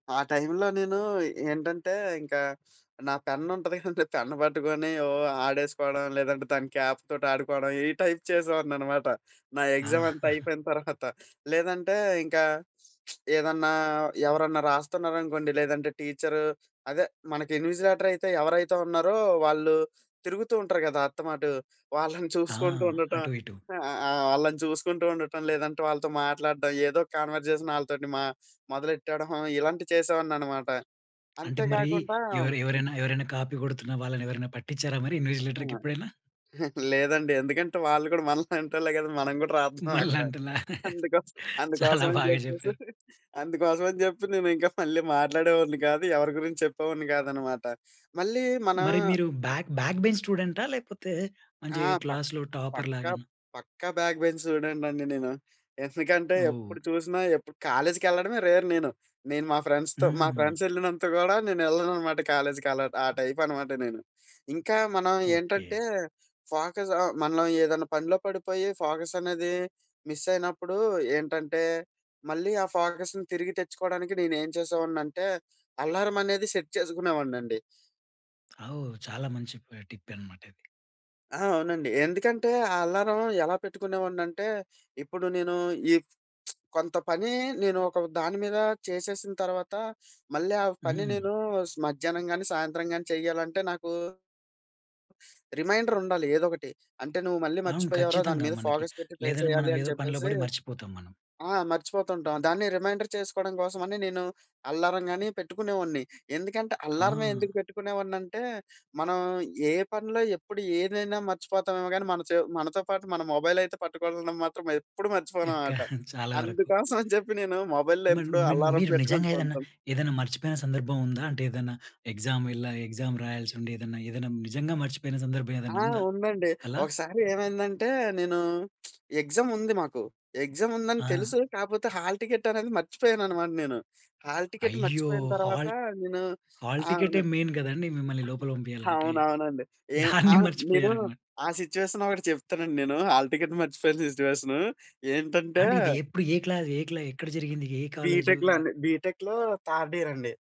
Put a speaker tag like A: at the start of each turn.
A: ఆ టై‌మ్‌లో నేను, ఏంటంటే ఇంకా నా పెన్నుంటది కదండి, పెన్ పట్టుకొని ఓ ఆడేసుకోవడం, లేదంటే దాని క్యాప్ తోటి ఆడుకోవడం ఈ టైప్ చేసేవాడిని అనమాట. నా
B: ఆ!
A: ఎగ్జామంతా అయిపోయిన తర్వాత. లేదంటే ఇంకా ఏదన్నా, ఎవరన్నా రాస్తున్నారనుకోండి లేదంటే, టీచరు అదే మనకి ఇన్విజిలేటరైతే ఎవరైతే ఉన్నారో వాళ్ళు తిరుగుతూంటారు కదా అత్త మాటు! వాళ్ళని
B: ఆ!
A: చూసుకుంటూ ఉండటం
B: అటు ఇటు.
A: ఆ! ఆ! వాళ్ళని చూసుకుంటూ ఉండటం, లేదంటే వాళ్ళతో మాట్లాడటం, ఏదో కన్వర్జేషన్ వాళ్ళతోటి మ మొదలెట్టడం ఇలాంటివి చేసేవాడిని అనమాట.
B: అంటే
A: అంతే
B: మరి
A: కాకుండా
B: ఎవరు ఎవరైనా, ఎవరైనా కాపీ కొడుతున్న వాళ్ళని ఎవరైనా పట్టించారా మరి
A: ఆ!
B: ఇన్విజిలేటర్‌కెప్పుడైనా?
A: లేదండి. ఎందుకంటే వాళ్ళు కూడా మనలాంటోళ్లే కదా! మనం కూడా రాద్దాం అక్కడ.
B: మనలాంటోళ్లా?
A: అందుకోస్
B: చాలా
A: అందుకోసం అని
B: బాగా
A: చెప్పేసి,
B: చెప్పారు.
A: అందుకోసం అని చెప్పి నేను ఇంకా మళ్ళి మాట్లాడేవాడిని కాదు. ఎవరి గురించి చెప్పేవాడిని కాదన్నమాట. మళ్ళీ మన
B: మరి మీరు
A: మ
B: బ్యాక్, బ్యాక్ బెంచ్ స్టూడెంటా? లేకపోతే, మంచి
A: ఆ! పక్
B: క్లాస్‌లో టాపర్
A: పక్క
B: లాగాన?
A: పక్కా బ్యాక్ బెంచ్ స్టూడెంటండి నేను. ఎందుకంటే,
B: ఓహ్!
A: ఎప్పుడు చూసినా ఎప్పుడు కాలేజ్‌కెళ్ళడమే రేర్ నేను. నేను మా ఫ్రెండ్స్‌తో మా
B: హ్మ్.
A: ఫ్రెండ్స్ ఎళ్ళినంత గూడా నేను ఎళ్ళననమాట కాలేజ్‌కి అలా ఆ టైపనమాట నేను. ఇంకా మనం ఏంటంటే
B: ఓకే.
A: ఫోకస్ ఆహ్, మనం ఏదైనా పనిలో పడిపోయి, ఫోకసనేది మిస్సైనప్పుడు ఏంటంటే, మళ్ళీ ఆ ఫోకస్‌ని తిరిగి తెచ్చుకోవడానికి నేను ఏం చేసేవాడిని అంటే, అలారం అనేది సెట్ చేసుకునేవాడిని అండి.
B: ఆ! చాలా మంచి ప టిప్పే అన్నమాట ఇది.
A: ఆ! అవునండి ఎందుకంటే, ఆ అలారం ఎలా పెట్టుకునేవాడిని అంటే, ఇప్పుడు నేను ఈ కొంత పని, నేను ఒక దాని మీద చేసేసిన తర్వాత మళ్ళీ ఆ పని
B: హ్మ్.
A: నేను స్ మధ్యాహ్నం గానీ, సాయంత్రం గానీ చేయాలంటే నాకు... రిమైండరుండాలి ఏదో ఒకటి. అంటే నువ్వు మళ్ళీ
B: అవును
A: మర్చిపోయావురా! దాని
B: ఖచ్చితంగా.
A: మీద
B: మనకి
A: ఫోకస్ పెట్టి ట్రై
B: లేదంటే మనం
A: చేయాలి అని
B: ఏదో పనిలో
A: చెప్పేసి.
B: పడి మర్చిపోతాం మనం.
A: ఆ! మర్చిపోతుంటాం. దాన్ని రిమైండర్ చేసుకోవడం కోసం అని నేను అలారం గాని పెట్టుకునేవాడిని. ఎందుకంటే అలారమే
B: ఆ!
A: ఎందుకు పెట్టుకునేవాడిని అంటే, మనం ఏ పనిలో ఎప్పుడు ఏదైనా మర్చిపోతామేమో గానీ మన చో మనతో పాటు మన మొబైల్ అయితే పట్టుకోవడం మాత్రం ఎప్పుడు
B: ఇంకా
A: మర్చిపోననమాట.
B: చాలా వరకు
A: అందుకోసం అని చెప్పి నేను మొబైల్‌లో
B: మన్
A: ఎప్పుడూ
B: మన్
A: అల్లారం
B: మీరు నిజంగా
A: పెట్టుకుంటూ
B: ఏదైనా
A: ఉంటాను.
B: ఏదైనా మర్చిపోయిన సందర్భం ఉందా? అంటే ఏదన్నా ఎగ్జామ్ ఎళ్ల ఆ ఎగ్జామ్ రాయాల్సి ఉండి, ఏదైనా, ఏదైనా నిజంగా మర్చిపోయిన సందర్భం ఏదైనా
A: ఆ!
B: ఉందా
A: ఉందండి.
B: అలా?
A: ఒకసారి ఏమైందంటే, నేను ఎగ్జాముంది మాకు, ఎగ్జాముందని
B: ఆ!
A: తెలుసు. కాకపోతే హాల్ టికెట్ అనేది మర్చిపోయానన్నమాట నేను. హాల్ టికెట్
B: అయ్యో!
A: మర్చిపోయిన తర్వాత
B: హాల్
A: నేను
B: హాల్
A: ఆ!
B: టికెటే
A: అవును.
B: మెయిన్ కదండీ! మిమ్మల్ని లోపల పంపియాలంటే.
A: అవునవునండి. ఏం
B: దాన్ని
A: ఆహ్, నేను
B: మర్చిపోయారు అన్నమాట.
A: ఆ సిట్యుయేషన్ ఒకటి చెప్తానండి నేను హాల్ టికెట్ మర్చిపోయిన సిట్యుయేషను ఏంటంటే
B: అంటే ఇది ఎప్పుడు? ఏ క్లా ఏ క్లా ఎక్కడ జరిగింది? ఏ కాలేజు?
A: బీటెక్‌లో అండి. బీటెక్‌లో థర్డ్ ఇయర్ అండి.